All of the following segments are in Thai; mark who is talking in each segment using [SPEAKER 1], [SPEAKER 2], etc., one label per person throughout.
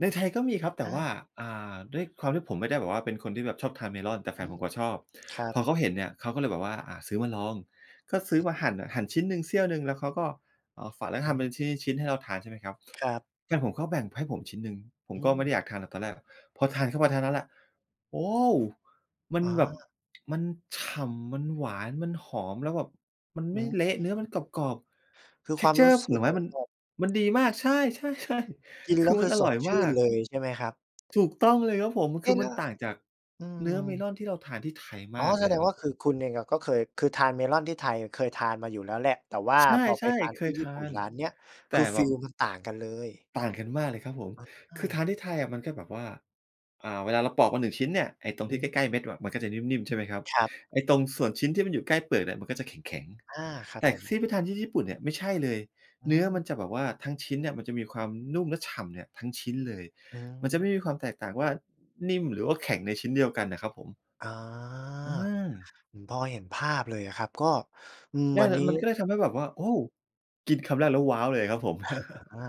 [SPEAKER 1] ในไทยก็มีครับ แต
[SPEAKER 2] อ
[SPEAKER 1] ่ว่
[SPEAKER 2] า
[SPEAKER 1] า อ่า ด้วยความที่ผมไม่ได้แบบว่า เป็นคนที่แบบชอบทาน Melon แต่แฟ
[SPEAKER 2] อื
[SPEAKER 1] นผ
[SPEAKER 2] ม
[SPEAKER 1] มเขาชอบ
[SPEAKER 2] ครั
[SPEAKER 1] พ
[SPEAKER 2] บ
[SPEAKER 1] อเขาเห็นเนี่ย เขาก็เลยแบบว่า อ่า ซื้อมาลอง ก็ซื้อมาหั่นน่ะ หั่นชิ้นหนึ่งเสี้ยวหนึ่ง แล้วเขาก็เอามาฝาน แล้ว
[SPEAKER 2] อ
[SPEAKER 1] ท
[SPEAKER 2] ือ
[SPEAKER 1] ำ
[SPEAKER 2] ฮ
[SPEAKER 1] เป็น
[SPEAKER 2] ึ
[SPEAKER 1] ชิ้น ๆ ๆ ให้เราทาน ใช่ไหมครับ
[SPEAKER 2] ครับ
[SPEAKER 1] แฟนผมก็แบ่งให้ผมชิ้นหนึ่ง ผม
[SPEAKER 2] อื
[SPEAKER 1] ก็ไม
[SPEAKER 2] ม
[SPEAKER 1] ่ได้อยากทานหรอกตอนแรกอะ พอทานเข้าไปเท่านั้นแหละ โอ้ มั
[SPEAKER 2] อ
[SPEAKER 1] น
[SPEAKER 2] ๋อ
[SPEAKER 1] แบบ มันฉ่ำ มันหวาน มันหอม แล้วแบบมัน
[SPEAKER 2] อ
[SPEAKER 1] ไ
[SPEAKER 2] ื
[SPEAKER 1] ม่
[SPEAKER 2] ม
[SPEAKER 1] เละ เนื้อมันกรอบ
[SPEAKER 2] คือ
[SPEAKER 1] ๆ
[SPEAKER 2] ความรู้
[SPEAKER 1] texture
[SPEAKER 2] ส
[SPEAKER 1] ผ
[SPEAKER 2] ึ
[SPEAKER 1] ล
[SPEAKER 2] ก
[SPEAKER 1] ไม
[SPEAKER 2] เห
[SPEAKER 1] ้
[SPEAKER 2] มือ
[SPEAKER 1] ม
[SPEAKER 2] น
[SPEAKER 1] ัน
[SPEAKER 2] แบบ
[SPEAKER 1] มันดีมาก ใช่ ๆ ใช่
[SPEAKER 2] กิน
[SPEAKER 1] ค
[SPEAKER 2] แล
[SPEAKER 1] ื
[SPEAKER 2] ้
[SPEAKER 1] อ
[SPEAKER 2] ว ค
[SPEAKER 1] มั
[SPEAKER 2] ื
[SPEAKER 1] น
[SPEAKER 2] อ
[SPEAKER 1] อ
[SPEAKER 2] ส
[SPEAKER 1] ร่
[SPEAKER 2] ด
[SPEAKER 1] อย
[SPEAKER 2] ช
[SPEAKER 1] ม
[SPEAKER 2] ื่
[SPEAKER 1] า
[SPEAKER 2] น
[SPEAKER 1] ก
[SPEAKER 2] เลย ใช่ไหมครับ?
[SPEAKER 1] ถูกต้องเลยครับผม
[SPEAKER 2] เ
[SPEAKER 1] ค
[SPEAKER 2] อ๊
[SPEAKER 1] ื
[SPEAKER 2] ะ
[SPEAKER 1] อ
[SPEAKER 2] แ
[SPEAKER 1] ม
[SPEAKER 2] ล
[SPEAKER 1] ั
[SPEAKER 2] ้
[SPEAKER 1] น
[SPEAKER 2] ว
[SPEAKER 1] ต่างจาก
[SPEAKER 2] อื
[SPEAKER 1] เนื้อ
[SPEAKER 2] ม
[SPEAKER 1] Melon ที่เราทานที่ไทย
[SPEAKER 2] อ๋
[SPEAKER 1] ม
[SPEAKER 2] อ
[SPEAKER 1] าก
[SPEAKER 2] แ
[SPEAKER 1] เ
[SPEAKER 2] ส
[SPEAKER 1] ลย
[SPEAKER 2] ด
[SPEAKER 1] อ
[SPEAKER 2] ง
[SPEAKER 1] ะคร
[SPEAKER 2] ว
[SPEAKER 1] ั
[SPEAKER 2] ่
[SPEAKER 1] บ
[SPEAKER 2] า
[SPEAKER 1] ผ
[SPEAKER 2] คื
[SPEAKER 1] ม
[SPEAKER 2] อ คุณเองอะก็เคย คือทาน Melon ที่ไทย เคยทานมาอยู่แล้วแหละ แต่ว่า
[SPEAKER 1] ใช่
[SPEAKER 2] พอไปทาน
[SPEAKER 1] ๆ เค
[SPEAKER 2] ที่
[SPEAKER 1] ย
[SPEAKER 2] ญ
[SPEAKER 1] ท
[SPEAKER 2] ี่
[SPEAKER 1] า
[SPEAKER 2] ปุ่น
[SPEAKER 1] น
[SPEAKER 2] ร้านเนี้ย
[SPEAKER 1] แต
[SPEAKER 2] ค
[SPEAKER 1] ่
[SPEAKER 2] ือฟ
[SPEAKER 1] แบ
[SPEAKER 2] ี
[SPEAKER 1] บ
[SPEAKER 2] ลมันต่างกันเลย
[SPEAKER 1] ต่างกันมากเลยครับผม
[SPEAKER 2] อ
[SPEAKER 1] คือทา
[SPEAKER 2] า
[SPEAKER 1] นที่ไทยอะ มันก็แบบว่า อ่า เวลาเราปลอกมา 1 ชิ้นเนี่ย ไอ้ตรงที่ใ
[SPEAKER 2] หือ
[SPEAKER 1] กล้ ๆ เม็ดอะ มันก็จะนิ่ม ๆ ใช่ไหมครับ?
[SPEAKER 2] ครับ
[SPEAKER 1] ไอ้ตรงส่วนชิ้นที่มันอยู่ใกล้เปลือกเนี่ย มันก็จะแข็ง
[SPEAKER 2] อา ครั
[SPEAKER 1] ๆ
[SPEAKER 2] บ
[SPEAKER 1] แต่
[SPEAKER 2] ผ
[SPEAKER 1] ท
[SPEAKER 2] ม
[SPEAKER 1] ี่ที่ไปทานที่ญี่ปุ่นเนี่ย ไม่ใช่เลย
[SPEAKER 2] อื
[SPEAKER 1] เนื้อมัน
[SPEAKER 2] ม
[SPEAKER 1] จะแบบว่าทั้งชิ้นเนี่ย มันจะมีความนุ่มและฉ่ำเนี่ย ทั้งชิ้นเลย
[SPEAKER 2] อื
[SPEAKER 1] มันจะไม
[SPEAKER 2] ม
[SPEAKER 1] ่มีความแตกต่างว่า นิ่มหรือว่าแข็งในชิ้นเดียวกันน่ะครับผม
[SPEAKER 2] อา
[SPEAKER 1] เออ
[SPEAKER 2] ผมพอเห็นภาพเลยอะครับ ก็ อืม
[SPEAKER 1] ได้
[SPEAKER 2] อั
[SPEAKER 1] เ
[SPEAKER 2] น
[SPEAKER 1] ล
[SPEAKER 2] น
[SPEAKER 1] ย
[SPEAKER 2] ี้
[SPEAKER 1] มันก็เลยทำให้แบบว่า โอ้ กินคำแรกแล้ว ว้าว เลยอะครับผม
[SPEAKER 2] หา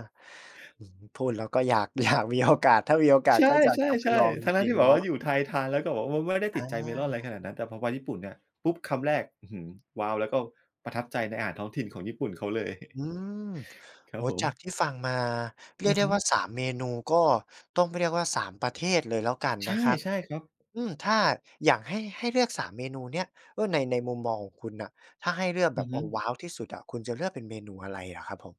[SPEAKER 2] อื้อฮือ พูดแล้วก็อยาก อยากมีโอกาส ถ้ามีโอกา
[SPEAKER 1] ใ
[SPEAKER 2] ส
[SPEAKER 1] ช
[SPEAKER 2] ก็อยากจะไป
[SPEAKER 1] ่
[SPEAKER 2] ลอง
[SPEAKER 1] ๆ ๆ
[SPEAKER 2] จ
[SPEAKER 1] ทั้
[SPEAKER 2] ร
[SPEAKER 1] ง ๆ
[SPEAKER 2] ิง
[SPEAKER 1] ที่แบ
[SPEAKER 2] ๆ เน
[SPEAKER 1] บ
[SPEAKER 2] า
[SPEAKER 1] ว่า
[SPEAKER 2] ะ
[SPEAKER 1] อยู่ไทย ทานแล้วก็แบบว่าไม่ได้ติ
[SPEAKER 2] อ
[SPEAKER 1] ด
[SPEAKER 2] า
[SPEAKER 1] ใจ Melon อะไรขนาดนั้น แต่พอไปญี่ปุ่นเนี่ย ปุ๊บ คำแรก อื้อฮือ ว้าว แล้วก็ประทับใจในอาหารท้องถิ่นของญี่ปุ่นเขาเลย
[SPEAKER 2] อืม
[SPEAKER 1] ครั
[SPEAKER 2] โอ
[SPEAKER 1] บ
[SPEAKER 2] ้
[SPEAKER 1] ผ
[SPEAKER 2] จาก
[SPEAKER 1] ม
[SPEAKER 2] ที่ฟังมาเร
[SPEAKER 1] อ
[SPEAKER 2] ีย
[SPEAKER 1] ื
[SPEAKER 2] ก
[SPEAKER 1] อ
[SPEAKER 2] ได้
[SPEAKER 1] ฮึ
[SPEAKER 2] ว่า 3 เมนู ก็ต้องเรียกว่า 3 ประเทศเลยแล้วกัน
[SPEAKER 1] ใช่
[SPEAKER 2] นะครับ
[SPEAKER 1] ใช่ครับ
[SPEAKER 2] อืม ถ้าอยากให้ ให้เลือก 3 เมนูเนี่ย เออ ใน ในมุมมองของคุณน่ะ ถ้าให้เลือก
[SPEAKER 1] อ
[SPEAKER 2] แบ
[SPEAKER 1] ือ
[SPEAKER 2] บ
[SPEAKER 1] ฮ
[SPEAKER 2] เอ
[SPEAKER 1] ึ
[SPEAKER 2] อ ว้าว ที่สุดอะ คุณจะเลือกเป็นเมนูอะไรอะครับ ผม?